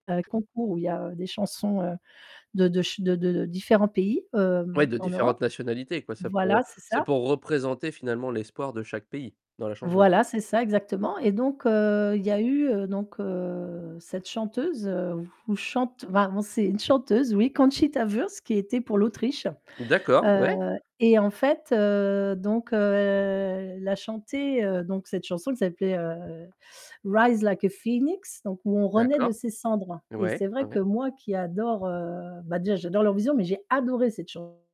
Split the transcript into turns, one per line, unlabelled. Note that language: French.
Un concours où il y a des chansons, heu, de de ch de de différents pays,
Oui
hem,
de
en Europe.
différentes nationalités, quoi, c'est pour
Voilà, c'est
c'est
ça.
pour représenter, finalement l'espoir de chaque pays dans la chanson.
Voilà, c'est ça exactement, et donc heu, il y a eu, heu, donc heu, cette chanteuse, ou chante enfin, on c'est une chanteuse oui, Conchita Wurst, qui était pour l'Autriche.
D'accord,
Heu
ouais.
et en fait, heu, donc heu, elle a chanté, heu, donc cette chanson qui s'appelait, heu, Rise Like a Phoenix, donc où on renaît de
D'accord,
ses cendres, et
ouais,
c'est vrai
ouais.
que moi, qui adore, heu bah, déjà, j'adore leur vision, mais j'ai adoré cette chanson